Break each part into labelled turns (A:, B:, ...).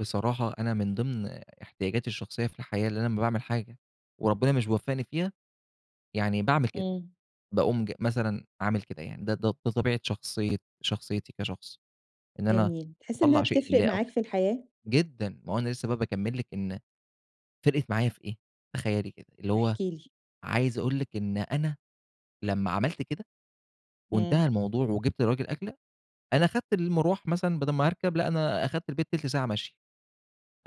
A: بصراحة، أنا من ضِمن احتياجاتي الشخصية في الحياة، إن أنا لمّا باعمل حاجة وربنا مش بيوفقني فيها، يعني باعمل كده،
B: إمم.
A: باقوم ج مثلًا عامل كده يعني. ده، ده طبيعة شخصي شخصيتي كشخص، إن أنا
B: جميل. تحس إنها
A: أطلَّع شيء
B: بتفرِق
A: لله أو
B: معاك
A: كده،
B: في الحياة؟
A: جدًا، ما هو أنا لسه بقى باكمِّل لِك إن فرقت معايا في إيه؟ تخيَلي كده، اللي هو
B: احكِ لي.
A: عايز أقول لِك إن أنا لمّا
B: إمم.
A: عملت كده،
B: إمم.
A: وانتهى الموضوع، وجِبت للراجل أكلة، أنا خدت المرواح مثلًا بَدَل ما هاركب، لأ، أنا أخدت البيت تِلت ساعة مشي.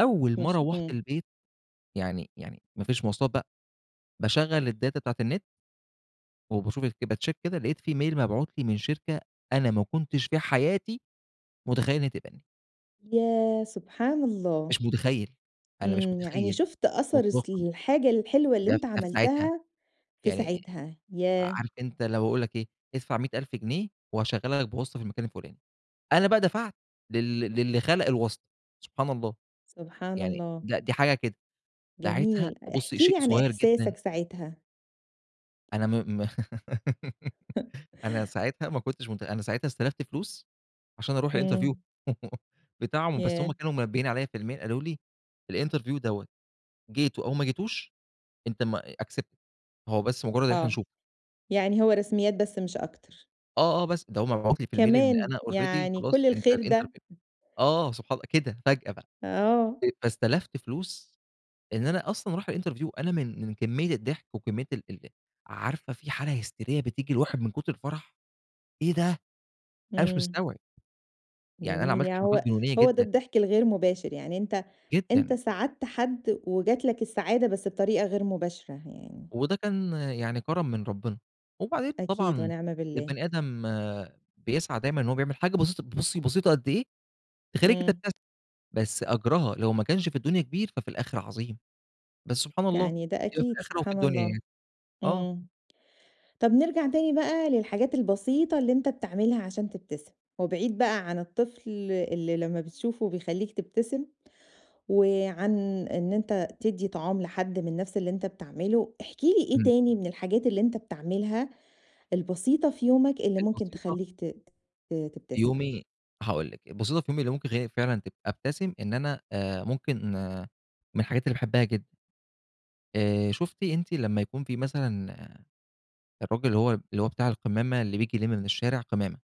A: أول ما
B: تتمشى،
A: روّحت
B: إمم.
A: البيت، يعني يعني مفيش مواصلات بقى، باشغَّل الdata بتاعة النت. وباشوف الك بcheck كده، لقيت فيه mail مبعوت لي من شركة أنا ما كنتش في حياتي مُتخيِل إن هي تقبلني.
B: يا سبحان الله!
A: مش متخيِل. أنا مش
B: إمم، يعني
A: متخيِل
B: شُفت أثر الس
A: مطلقًا،
B: الحاجة الحلوة اللي
A: ده ف
B: أنت
A: ده في ساعتها،
B: عملتها في
A: يعني
B: ساعتها. ياه!
A: عارف أنت اللي هو يقول لِك إيه ادفع 100.000 جنيه وهاشغَّلك بواسطة في المكان الفُلاني. أنا بقى دفعت لل للّي خَلَق الواسطة. سبحان الله!
B: سبحان
A: يعني
B: الله!
A: لأ، دي حاجة كده. ساعتها،
B: جميل.
A: بُصي،
B: احكِ
A: شيء
B: لي عن
A: صغير جدًا.
B: إحساسك ساعتها.
A: أنا م م أنا ساعتها ما كنتش مت أنا ساعتها استلفت فلوس عشان أرُوح الinterview
B: إمم.
A: بتاعهم. بس هُم
B: ياه!
A: كانوا منبهين عليَّ في الmail، قالوا لي الinterview دوّة، جيته أو ما جيتوش، أنت م accepted، هو بس مجرد إن إحنا
B: آه.
A: نشوفك.
B: يعني هو رسميات بس مش أكتر.
A: آه آه، بس ده هو مبعوت لي في الmail إن
B: كمان،
A: أنا already
B: يعني
A: خلاص،
B: كُلّ
A: أنت
B: الخير ده!
A: الinterview
B: امم.
A: آه، سبحان الله، كده فجأة بقى.
B: آه.
A: فاستلفت فلوس إن أنا أصلًا أرُوح الinterview. أنا من من كمية الضحك، وكمية ال ال عارفة، فيه حالة هستيرية بتيجي للواحد من كُتر الفرح. إيه ده! أنا مش
B: إمم.
A: مستوعب. يعني أنا
B: جميل.
A: عملت
B: يعني
A: حركات
B: هو
A: جنونية
B: هو ده
A: جدًا.
B: الضحك الغير مباشر، يعني أنت أنت
A: جدًا.
B: ساعدت حد، وجات لك السعادة، بس بطريقة غير مباشرة يعني.
A: وده كان يعني كرم من ربنا. وبعدين
B: أكيد،
A: طبعًا
B: ونِعْمَ بالله.
A: البني آدم بيسعى دايمًا إن هو بيعمل حاجة بسيطة، بُصي، بسيطة قد إيه تخلّيكِ
B: إمم.
A: تبتسمي، بس أجرها لو ما كانش في الدنيا كبير، ففي الآخرة عظيم. بس سبحان الله،
B: يعني ده
A: يبقى في
B: أكيد،
A: الآخرة وفي
B: سبحان
A: الدنيا
B: الله!
A: يعني. آه.
B: إمم. طَب نرجَع تاني بقى للحاجات البسيطة اللي أنت بتعملها عشان تبتسم. وبعيد بقى عن الطفل اللي لمّا بتشوفه بيخلّيك تبتسم، وعن إن أنت تدّي طعام لحد من نفْس اللي أنت بتعمله، احكِ لي إيه
A: إمم.
B: تاني من الحاجات اللي أنت بتعملها البسيطة في يومك، اللي
A: كانت
B: ممكن
A: بسيطة.
B: تخلّيك ت ت
A: في
B: تبتسم؟
A: يومي، هاقول لِك، البسيطة في يومي اللي ممكن تخلّيني فعلًا تب أبتسم، إن أنا آآ ممكن من الحاجات اللي باحبها جدًا. آآ شُفتِ أنتِ لمّا يكون فيه مثلًا الراجل اللي هو، اللي هو بتاع القمامة، اللي بييجي يلم من الشارع قمامة؟